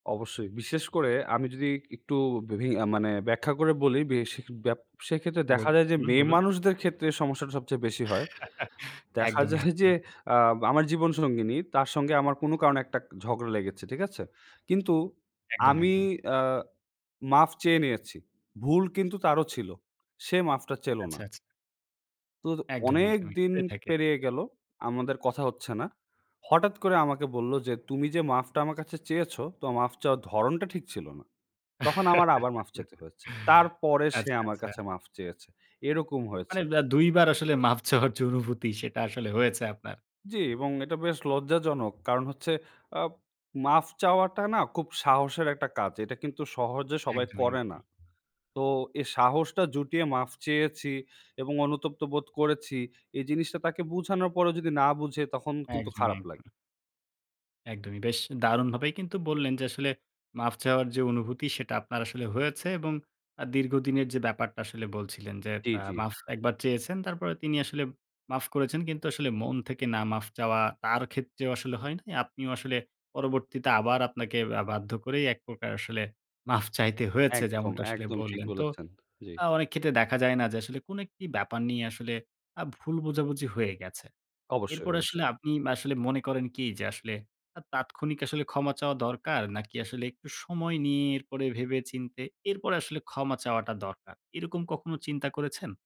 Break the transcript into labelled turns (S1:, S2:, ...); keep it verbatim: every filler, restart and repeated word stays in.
S1: অবশ্যই। বিশেষ করে আমি যদি একটু বিভি আ মানে ব্যাখ্যা করে বলি, বেশি ব্যবসায়িক ক্ষেত্রে দেখা যায় যে,
S2: বলুন, বলুন।
S1: মেয়েমানুষদের ক্ষেত্রে এই সমস্যাটা সবচেয়ে বেশি হয়। দেখা যায়
S2: একদমই,
S1: যে,
S2: একদমই।
S1: আব আমার জীবনসঙ্গিনী, তার সঙ্গে আমার কোনো কারণে একটা ঝগড়া লেগেছে। ঠিক আছে? কিন্তু
S2: একদমই,
S1: আমি
S2: একদমই।
S1: আ মাফ চেয়ে নিয়েছি। ভুল কিন্তু তারও ছিল। সে মাফটা চেলো
S2: আচ্ছা,
S1: না।
S2: আচ্ছা।
S1: তো
S2: একদমই,
S1: অনেক
S2: একদমই।
S1: দিন
S2: হয়ে থাকে।
S1: পেরিয়ে গেল। আমাদের কথা হচ্ছে না। হঠাৎ করে আমাকে বলল যে, "তুমি যে মাফটা আমার কাছে চেয়েছো, তো মাফ চাওয়ার ধরনটা ঠিক ছিল না।" তখন আমার আবার মাফ চাইতে হয়েছে। তারপরে সে
S2: আচ্ছা,
S1: আমার
S2: আচ্ছা।
S1: কাছে মাফ চেয়েছে। এরকম
S2: মানে
S1: হয়েছে।
S2: আ দুই বার আসলে মাফ চাওয়ার যে অনুভূতি, সেটা আসলে হয়েছে আপনার।
S1: জি এবং এটা বেশ লজ্জাজনক। কারণ হচ্ছে, আ মাফ চাওয়াটা না খুব সাহসের একটা কাজ। এটা কিন্তু সহজে সবাই
S2: একদমই,
S1: করে না।
S2: একদম।
S1: তো এই সাহসটা জুটিয়ে মাফ চেয়েছি এবং অনুতপ্ত বোধ করেছি, এই জিনিসটা তাকে বোঝানোর পরেও যদি না বুঝে, তখন কিন্তু
S2: একদমই,
S1: খারাপ লাগে।
S2: একদমই। একদমই। বেশ দারুণভাবেই কিন্তু বললেন যে, আসলে মাফ চাওয়ার যে অনুভূতি, সেটা আপনার আসলে হয়েছে এবং আ দীর্ঘদিনের যে ব্যাপারটা আসলে বলছিলেন যে,
S1: জি,
S2: আ
S1: জি।
S2: মাফ এক বার চেয়েছেন, তারপরে তিনি আসলে মাফ করেছেন। কিন্তু আসলে, মন থেকে না মাফ চাওয়া, তার ক্ষেত্রেও আসলে হয় নাই। আপনিও আসলে পরবর্তীতে আবার আপনাকে আ বাধ্য করেই, এক প্রকার আসলে মাফ চাইতে হয়েছে,
S1: একদম,
S2: যেমনটা আসলে
S1: একদম। ঠিক
S2: বললেন। তো
S1: বলেছেন। জি।
S2: আ অনেক ক্ষেত্রে দেখা যায় না? যে আসলে, কোনো একটি ব্যাপার নিয়ে আসলে আ ভুল বোঝাবুঝি হয়ে গেছে।
S1: অবশ্যই,
S2: এরপরে আসলে
S1: অবশ্যই।
S2: আপনি মা আসলে মনে করেন কি? যে আসলে, আ তাৎক্ষণিক আসলে ক্ষমা চাওয়া দরকার, নাকি আসলে একটু সময় নিয়ে, এরপরে, ভেবে-চিন্তে, এরপরে আসলে ক্ষমা চাওয়াটা দরকার। এরকম কখনো চিন্তা করেছেন?